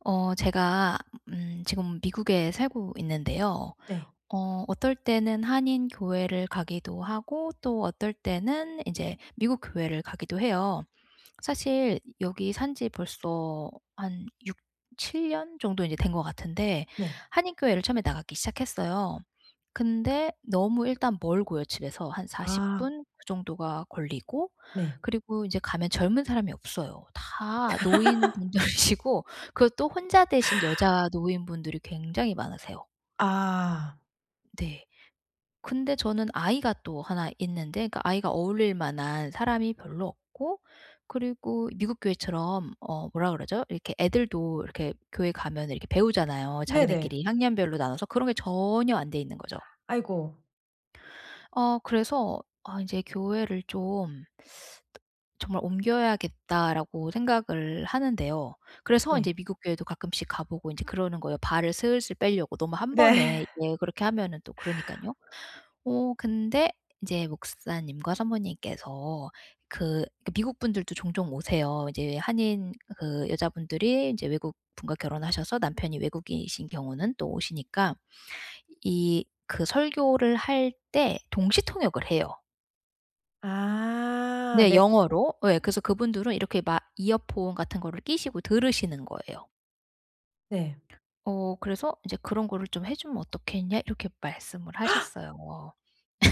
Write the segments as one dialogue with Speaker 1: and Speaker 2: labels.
Speaker 1: 어. 제가 음 지금 미국에 살고 있는데요.
Speaker 2: 네.
Speaker 1: 어 어떨 때는 한인 교회를 가기도 하고 또 어떨 때는 이제 미국 교회를 가기도 해요. 사실 여기 산 지 벌써 한 6-7 년 정도 인제 된 것 같은데
Speaker 2: 네.
Speaker 1: 한인 교회를 처음에 나가기 시작했어요. 근데 너무 일단 멀고요 집에서. 한 40
Speaker 2: 아.
Speaker 1: 분 그 정도가 걸리고
Speaker 2: 네.
Speaker 1: 그리고 이제 가면 젊은 사람이 없어요. 다 노인분들이시고 그리고 또 혼자 되신 여자 노인분들이 굉장히 많으세요.
Speaker 2: 아.
Speaker 1: 네. 근데 저는 아이가 또 1 있는데 그 아이가 어울릴 만한 사람이 별로 없고 그리고 미국 교회처럼 어 뭐라 그러죠? 이렇게 애들도 이렇게 교회 가면 이렇게 배우잖아요.
Speaker 2: 네네.
Speaker 1: 자기네끼리 학년별로 나눠서 그런 게 전혀 안 돼 있는 거죠.
Speaker 2: 아이고.
Speaker 1: 어 그래서 '아 이제 교회를 좀 정말 옮겨야겠다.'라고 생각을 하는데요. 그래서
Speaker 2: 네.
Speaker 1: 인제 미국 교회도 가끔씩 가 보고 인제 그러는 거예요 발을 슬슬 뻬려고. 너무 1 번에
Speaker 2: 네.
Speaker 1: 예 그렇게 하면은 또 그러니까는요. 어 근데 인제 목사님과 사모님께서 그 그 미국 분들도 종종 오세요. 어 이제 한인 그 여자분들이 인제 외국 분과 결혼하셔서 남편이 외국인이신 경우는 또 오시니까 이 그 설교를 할 때 동시통역을 해요.
Speaker 2: 아
Speaker 1: 네
Speaker 2: 네.
Speaker 1: 영어로. 예. 그래서 그분들은 이렇게 막 이어폰 같은 거를 끼시고 들으시는 거예요.
Speaker 2: 네.
Speaker 1: 어 그래서 이제 "그런 거를 좀 해주면 어떻겠냐?" 이렇게 말씀을 하셨어요.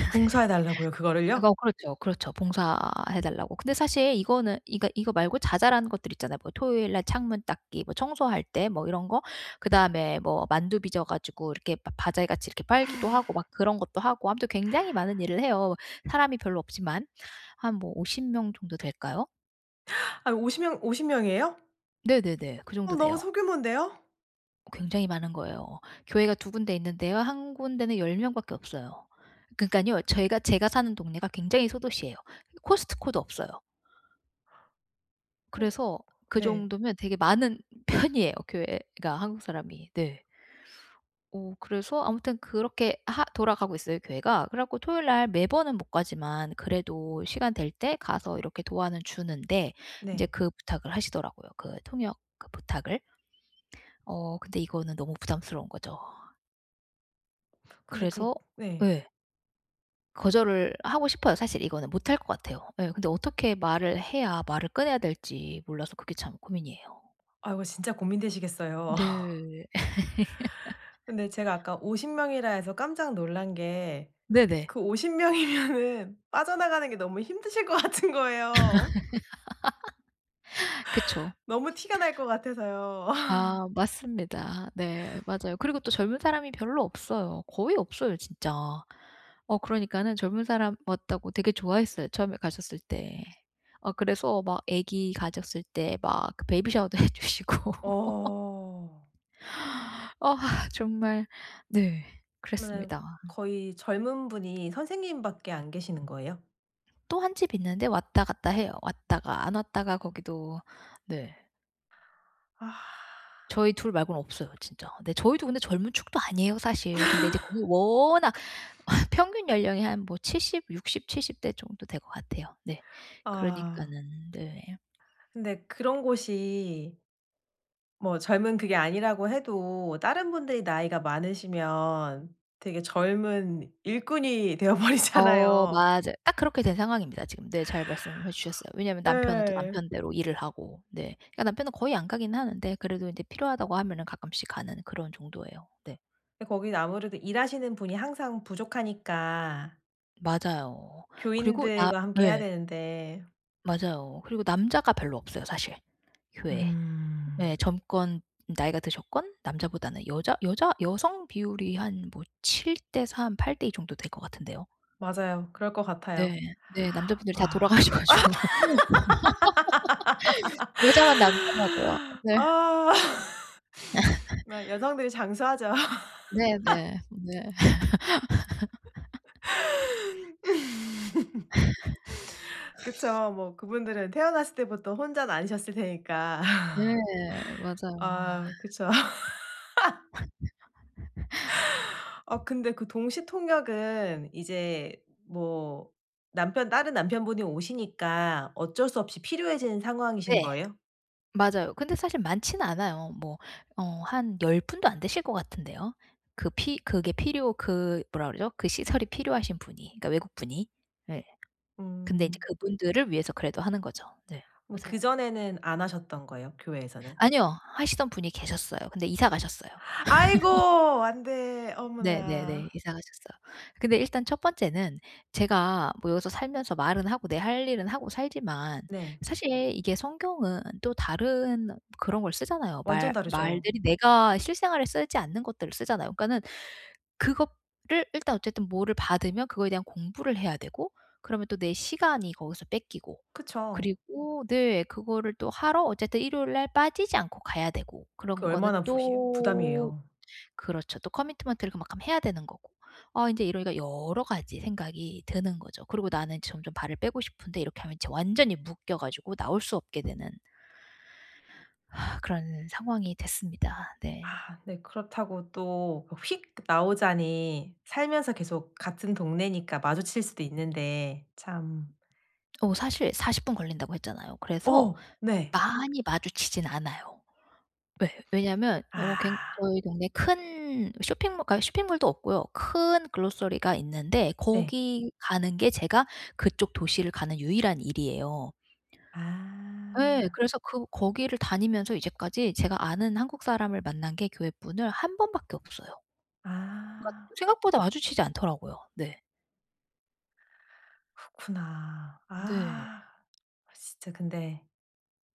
Speaker 2: 봉사해 달라고요, 그거를요?
Speaker 1: 그래서 그렇죠, 그렇죠. 봉사해 달라고. 근데 사실 이거는 그러니까 이거 말고 자잘한 것들 있잖아요. 뭐 토요일 날 창문 닦기 뭐 청소할 때 뭐 이런 거? 그다음에 뭐 만두 빚어 가지고 이렇게 바 바자회 같이 이렇게 팔기도 하고 막 그런 것도 하고 아무튼 굉장히 많은 일을 해요, 사람이 별로 없지만. 한 뭐 50 명 정도 될까요?
Speaker 2: 아이 50 명, 50 명이에요?
Speaker 1: 네네네. 그
Speaker 2: 어,
Speaker 1: 정도
Speaker 2: 너무
Speaker 1: 돼요.
Speaker 2: 소규모인데요?
Speaker 1: 굉장히 많은 거예요. 교회가 2 군데 있는데요 1 군데는 10 명밖에 없어요. 그니깐요 저희가 제가 사는 동네가 굉장히 소도시예요. 코스트코도 없어요. 그래서 그
Speaker 2: 네.
Speaker 1: 정도면 되게 많은 편이에요, 교회가 한국 사람이. 네. 어 그래서 아무튼 그렇게 하 돌아가고 있어요, 교회가. 그래 갖고 토요일 날 매번은 못 가지만 그래도 시간 될 때 가서 이렇게 도와는 주는데 이제
Speaker 2: 네.
Speaker 1: 그 부탁을 하시더라고요, 그 통역 그 부탁을. 어. 근데 이거는 너무 부담스러운 거죠.
Speaker 2: 근데 그
Speaker 1: 그래서
Speaker 2: 네.
Speaker 1: 예. 거절을 하고 싶어요. 사실 이거는 못할 것 같아요. 예 근데 어떻게 말을 해야 말을 꺼내야 될지 몰라서 그게 참 고민이에요.
Speaker 2: 아 이거 진짜 고민되시겠어요.
Speaker 1: 네.
Speaker 2: 근데 제가 아까 50 명이라 해서 깜짝 놀란 게
Speaker 1: 네네.
Speaker 2: 그 50 명이면은 빠져나가는 게 너무 힘드실 것 같은 거예요.
Speaker 1: 그쵸.
Speaker 2: 너무 티가 날 것 같아서요.
Speaker 1: 아. 맞습니다. 네. 맞아요. 그리고 또 젊은 사람이 별로 없어요. 거의 없어요 진짜. 어 그러니까는 젊은 사람 왔다고 되게 좋아했어요 처음에 갔었을 때. 어 그래서 막 애기 가졌을 때 막 그 베이비 샤워도 해 주시고.
Speaker 2: 어.
Speaker 1: 어아 정말 네
Speaker 2: 그러면은
Speaker 1: 그랬습니다.
Speaker 2: 거의 젊은 분이 선생님밖에 안 계시는 거예요?
Speaker 1: 또 1 집이 있는데 왔다 갔다 해요. 왔다가 안 왔다가 거기도 네.
Speaker 2: 아.
Speaker 1: 저희 2 말고는 없어요 진짜. 네 저희도 근데 젊은 축도 아니에요 사실. 근데 이제 그 워낙 평균 연령이 한 뭐 70 60 70 대 정도 될 것 같아요. 네
Speaker 2: 아.
Speaker 1: 그러니까는 네.
Speaker 2: 근데 그런 곳이 뭐 젊은 그게 아니라고 해도 다른 분들이 나이가 많으시면 되게 젊은 일꾼이 되어
Speaker 1: 어.
Speaker 2: 버리잖아요.
Speaker 1: 맞아 딱 그렇게 된 상황입니다 지금. 네 잘 말씀해 주셨어요. 왜냐하면 남편은 또
Speaker 2: 예.
Speaker 1: 남편대로 일을 하고 네 그러니까 남편은 거의 안 가긴 하는데 그래도 인제 필요하다고 하면은 가끔씩 가는 그런 정도예요. 네.
Speaker 2: 예 거기는 아무래도 일하시는 분이 항상 부족하니까.
Speaker 1: 맞아요. 그리고 나
Speaker 2: 교인들과 함께 해야
Speaker 1: 네.
Speaker 2: 되는데
Speaker 1: 맞아요. 그리고 남자가 별로 없어요 사실 교회에. 예.
Speaker 2: 음.
Speaker 1: 젊건 나이가 드셨건 남자보다는 여자 여자 여성 비율이 한 뭐 7:3 8:2 정도 될 것 같은데요.
Speaker 2: 맞아요. 그럴 것
Speaker 1: 네.
Speaker 2: 같아요.
Speaker 1: 네. 남자분들이 다
Speaker 2: 아.
Speaker 1: 돌아가셔 가지고 여자만 남더라고요. 네.
Speaker 2: 아. 네. 여성들이 장수하죠.
Speaker 1: 네네. 네.
Speaker 2: 그쵸. 뭐 그분들은 태어났을 때부터 혼자는 아니셨을 테니까.
Speaker 1: 네. 맞아요. 아.
Speaker 2: 아 그쵸. 아, 근데 그 동시통역은 이제 뭐 남편 다른 남편분이 오시니까 어쩔 수 없이 필요해진 상황이신
Speaker 1: 네.
Speaker 2: 거예요?
Speaker 1: 맞아요. 근데 사실 많지는 않아요. 뭐 어 한 10 분도 안 되실 것 같은데요. 그 피 그게 필요 그 뭐라 그러죠? 그 시설이 필요하신 분이 그러니까 외국분이. 예. 근데 이제
Speaker 2: 음.
Speaker 1: 그분들을 위해서 그래도 하는 거죠. 네.
Speaker 2: 뭐
Speaker 1: 맞아요.
Speaker 2: 그전에는 안 하셨던 거예요, 교회에서는?
Speaker 1: 아니요. 하시던 분이 계셨어요. 근데 이사 가셨어요.
Speaker 2: 아이고! 안 돼.
Speaker 1: 네네네.
Speaker 2: 어머나.
Speaker 1: 이사 가셨어요. 근데 일단 1 번째는 제가 뭐 여기서 살면서 말은 하고 내 할 일은 하고 살지만
Speaker 2: 네.
Speaker 1: 사실 이게 성경은 또 다른 그런 걸 쓰잖아요. 말
Speaker 2: 완전 다르죠.
Speaker 1: 말들이 내가 실생활에 쓰지 않는 것들을 쓰잖아요. 그러니까는 그거를 일단 어쨌든 뭐를 받으면 그거에 대한 공부를 해야 되고 그러면 또 내 시간이 거기서 뺏기고
Speaker 2: 그쵸.
Speaker 1: 그리고 네. 그거를 또 하러 어쨌든 일요일 날 빠지지 않고 가야 되고
Speaker 2: 그
Speaker 1: 그런 거는
Speaker 2: 얼마나 푸시
Speaker 1: 또
Speaker 2: 부담이에요.
Speaker 1: 그렇죠. 또 커미트먼트를 그만큼 해야 되는 거고. 아 이제 이러니까 여러 가지 생각이 드는 거죠. 그리고 나는 점점 발을 빼고 싶은데 이렇게 하면 이제 완전히 묶여 가지고 나올 수 없게 되는 그런 상황이 됐습니다. 네.
Speaker 2: 네. 그렇다고 또 휙 나오자니 살면서 계속 같은 동네니까 마주칠 수도 있는데. 참.
Speaker 1: 어 사실 40 분 걸린다고 했잖아요. 그래서
Speaker 2: 어! 네.
Speaker 1: 많이 마주치진 않아요. 예. 왜냐면 어 굉
Speaker 2: 아.
Speaker 1: 저희 동네에 큰 쇼핑모 그러니까 쇼핑몰도 없고요. 큰 글로서리가 있는데
Speaker 2: 네.
Speaker 1: 거기 가는 게 제가 그쪽 도시를 가는 유일한 일이에요. 예.
Speaker 2: 아.
Speaker 1: 그래서 그 거기를 다니면서 이제까지 제가 아는 한국 사람을 만난 게 교회 분을 1 번 밖에 없어요. 그러니까
Speaker 2: 아.
Speaker 1: 또 생각보다 마주치지 않더라고요. 네.
Speaker 2: 그렇구나.
Speaker 1: 네.
Speaker 2: 아. 진짜 근데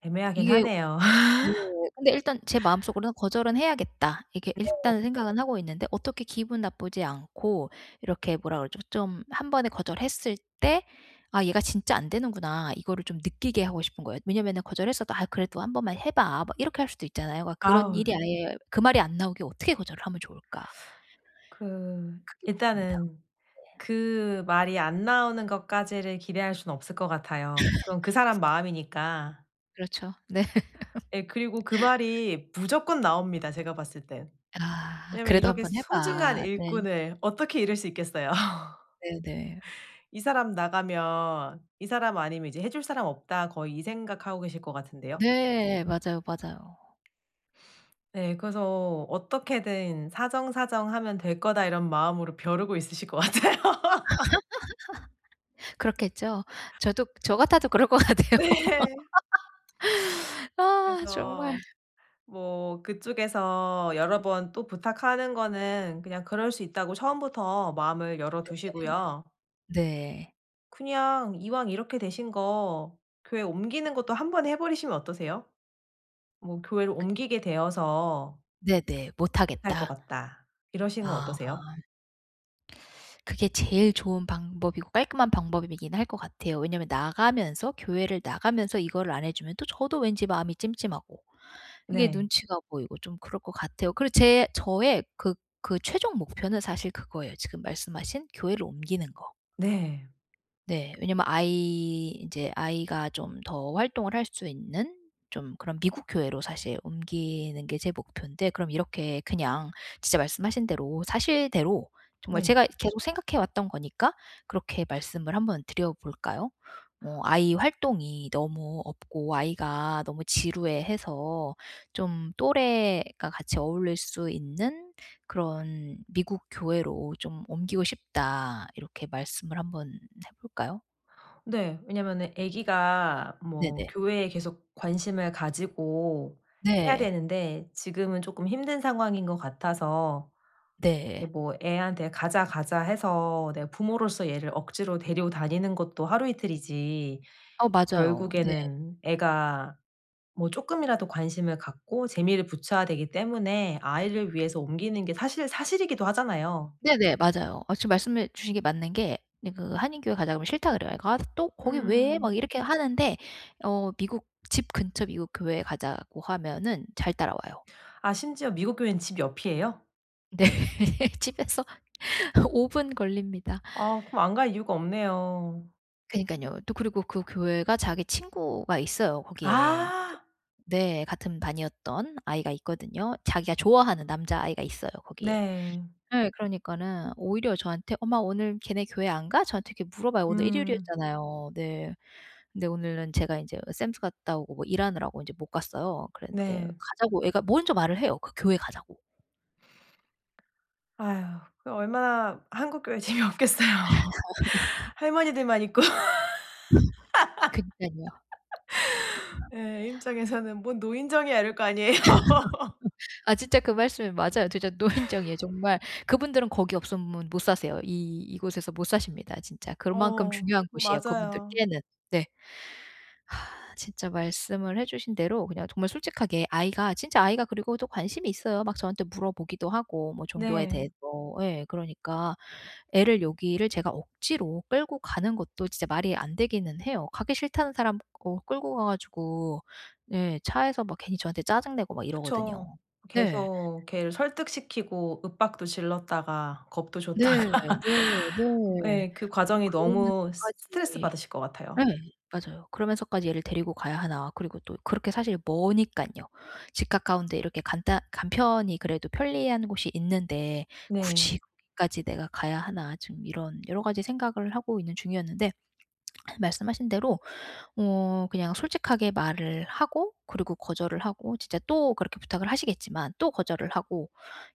Speaker 2: 애매하긴
Speaker 1: 이게
Speaker 2: 하네요.
Speaker 1: 네 근데 일단 제 마음속으로는 '거절은 해야겠다.' 이렇게
Speaker 2: 네.
Speaker 1: 일단은 생각은 하고 있는데 어떻게 기분 나쁘지 않고 이렇게 뭐라 그러죠? 좀 1 번에 거절했을 때 '아 얘가 진짜 안 되는구나.' 이거를 좀 느끼게 하고 싶은 거예요. 왜냐하면은 거절했어도 "아 그래도 한 번만 해 봐." 막 이렇게 할 수도 있잖아요. 그러니까 그런
Speaker 2: 아우.
Speaker 1: 일이 아예 그 말이 안 나오게 어떻게 거절을 하면 좋을까
Speaker 2: 그
Speaker 1: 그게 고민입니다.
Speaker 2: 일단은
Speaker 1: 네.
Speaker 2: 그 말이 안 나오는 것까지를 기대할 수는 없을 것 같아요. 그건 그 사람 마음이니까.
Speaker 1: 그렇죠. 네.
Speaker 2: 예. 그리고 그 말이 무조건 나옵니다 제가 봤을 땐.
Speaker 1: 아
Speaker 2: 왜냐하면
Speaker 1: "그래도 한
Speaker 2: 이렇게
Speaker 1: 번
Speaker 2: 소중한
Speaker 1: 해봐." 네.
Speaker 2: 일꾼을 어떻게 잃을 수 있겠어요.
Speaker 1: 네네.
Speaker 2: '이 사람 나가면 이 사람 아니면 이제 해 줄 사람 없다. 거의 이 생각하고 계실 것 같은데요.
Speaker 1: 네. 맞아요, 맞아요.
Speaker 2: 네. 그래서 '어떻게든 사정사정하면 될 거다.' 이런 마음으로 벼르고 있으실 것 같아요.
Speaker 1: 그렇겠죠? 저도 저 같아도 그럴 것 같아요.
Speaker 2: 네.
Speaker 1: 아 정말.
Speaker 2: 그래서 뭐 그쪽에서 여러 번 또 부탁하는 거는 그냥 그럴 수 있다고 처음부터 마음을 열어
Speaker 1: 네네.
Speaker 2: 두시고요.
Speaker 1: 네.
Speaker 2: 그냥 이왕 이렇게 되신 거 교회 옮기는 것도 한번에 해버리시면 어떠세요? 뭐 교회를
Speaker 1: 근
Speaker 2: 옮기게 되어서
Speaker 1: 네네.
Speaker 2: 못 할 것
Speaker 1: 못하겠다.
Speaker 2: 같다. 이러시는 건
Speaker 1: 아.
Speaker 2: 어떠세요?
Speaker 1: 그게 제일 좋은 방법이고 깔끔한 방법이 이긴 할 것 같아요. 왜냐하면 나가면서, 교회를 나가면서 이거를 안 해주면 또 저도 왠지 마음이 찜찜하고 이게
Speaker 2: 네.
Speaker 1: 눈치가 보이고 좀 그럴 것 같아요. 그리고 제 저의 그 그 최종 목표는 사실 그거예요. 지금 말씀하신 교회를 옮기는 거.
Speaker 2: 네.
Speaker 1: 네. 왜냐면 아이 인제 아이가 좀 더 활동을 할 수 있는 좀 그런 미국 교회로 사실 옮기는 게 제 목푠데 그럼 이렇게 그냥 진짜 말씀하신 대로 사실대로 정말
Speaker 2: 네.
Speaker 1: 제가 계속 생각해 왔던 거니까 그렇게 말씀을 한번 드려 볼까요? 뭐 "아이 활동이 너무 없고 아이가 너무 지루해해서 좀 또래가 같이 어울릴 수 있는 그런 미국 교회로 좀 옮기고 싶다." 이렇게 말씀을 한번 해 볼까요?
Speaker 2: 네. 왜냐면은 애기가 뭐
Speaker 1: 네네.
Speaker 2: 교회에 계속 관심을 가지고 해야
Speaker 1: 네.
Speaker 2: 되는데 지금은 쪼끔 힘든 상황인 것 같아서 이
Speaker 1: 네.
Speaker 2: 뭐 애한테 가자 가자 해서 내가 부모로서 얘를 억지로 데리고 다니는 것도 하루 이틀이지
Speaker 1: 어 맞아요. 네.
Speaker 2: 결국에는 애가 뭐 쪼끔이라도 관심을 갖고 재미를 붙여야 되기 때문에 아이를 위해서 옮기는 게 사실 사실이기도 하잖아요.
Speaker 1: 네네. 맞아요. 마침 말씀해 주신 게 맞는 게 네 그 한인 교회에 가자고 그러면 싫다 그래요. "아 또 거기 왜?" 막
Speaker 2: 음.
Speaker 1: 이렇게 하는데 어 미국 집 근처 미국 교회에 가자고 하면은 잘 따라와요.
Speaker 2: 아 심지어 미국 교회는 집 옆이에요?
Speaker 1: 네. 집에서 5 분 걸립니다.
Speaker 2: 아 그럼 안 갈 이유가 없네요.
Speaker 1: 그러니깐요. 또 그리고 그 교회가 자기 친구가 있어요 거기에.
Speaker 2: 아.
Speaker 1: 네 같은 반이었던 아이가 있거든요. 자기가 좋아하는 남자아이가 있어요 거기에.
Speaker 2: 네.
Speaker 1: 네 그러니까는 오히려 저한테 "엄마 오늘 걔네 교회 안 가?" 저한테 이렇게 물어봐요. 오늘
Speaker 2: 음.
Speaker 1: 일요일이었잖아요. 네. 근데 오늘은 제가 인제 샘스 갔다 오고 뭐 일하느라고 이제 못 갔어요. 그랬는데
Speaker 2: 네.
Speaker 1: 가자고 애가 먼저 말을 해요, 그 교회 가자고.
Speaker 2: 아휴 그 얼마나 한국 교회 재미없겠어요. 할머니들만 있고.
Speaker 1: 그니깐요.
Speaker 2: 예 애 입장에서는 뭔 노인정이야 이럴 거 아니에요.
Speaker 1: 아 진짜 그 말씀이 맞아요. 진짜 노인정이에요. 정말 그분들은 거기 없으면 못 사세요. 이 이곳에서 못 사십니다 진짜. 그만큼
Speaker 2: 어
Speaker 1: 중요한 곳이에요
Speaker 2: 맞아요.
Speaker 1: 그분들께는. 네. 아 진짜 말씀을 해 주신 대로 그냥 정말 솔직하게 아이가 진짜 아이가 그리고 또 관심이 있어요. 막 저한테 물어보기도 하고 뭐 종교에
Speaker 2: 네.
Speaker 1: 대해서. 예 그러니까 애를 여기를 제가 억지로 끌고 가는 것도 진짜 말이 안 되기는 해요. 가기 싫다는 사람 거 끌고 가 가지고 네 차에서 막 괜히 저한테 짜증 내고 막 이러거든요.
Speaker 2: 그쵸.
Speaker 1: 네.
Speaker 2: 계속 걔를 설득시키고 윽박도 질렀다가 겁도 줬다가.
Speaker 1: 네. 네. 네. 뭐
Speaker 2: 예 그 과정이 너무
Speaker 1: 그러면서까지
Speaker 2: 스트레스받으실 것
Speaker 1: 예
Speaker 2: 같아요.
Speaker 1: 맞아요. '그러면서까지 얘를 데리고 가야 하나.' 그리고 또 그렇게 사실 머니깐요. 집 가까운 데 이렇게 간단 간편히 그래도 편리한 곳이 있는데
Speaker 2: 네.
Speaker 1: '굳이 거기까지 내가 가야 하나.' 지금 이런 여러 가지 생각을 하고 있는 중이었는데 말씀하신 대로 어 그냥 솔직하게 말을 하고 그리고 거절을 하고 진짜 또 그렇게 부탁을 하시겠지만 또 거절을 하고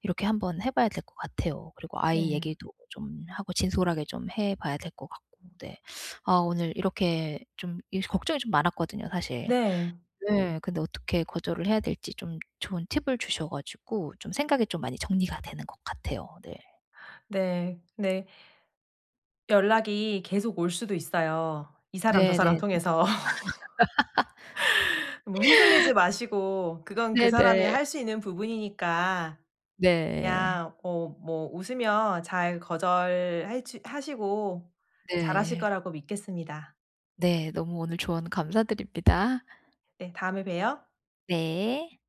Speaker 1: 이렇게 한번 해 봐야 될 것 같아요. 그리고 아이
Speaker 2: 네.
Speaker 1: 얘기도 좀 하고 진솔하게 좀 해 봐야 될 것 같고 네. 아 오늘 이렇게 좀 이게 걱정이 좀 많았거든요 사실.
Speaker 2: 네.
Speaker 1: 네. 근데 어떻게 거절을 해야 될지 좀 좋은 팁을 주셔 가지고 좀 생각이 좀 많이 정리가 되는 것 같아요. 네.
Speaker 2: 네. 네. 연락이 계속 올 수도 있어요, 이 사람 저 사람
Speaker 1: 네네.
Speaker 2: 통해서. 뭐 흔들리지 마시고 그건 그 사람이
Speaker 1: 네네.
Speaker 2: 할 수 있는 부분이니까
Speaker 1: 네.
Speaker 2: 그냥 어 뭐 웃으며 잘 거절해주 하시고 잘 하실
Speaker 1: 네.
Speaker 2: 거라고 믿겠습니다.
Speaker 1: 네. 너무 오늘 조언 감사드립니다.
Speaker 2: 네 다음에 봬요.
Speaker 1: 네.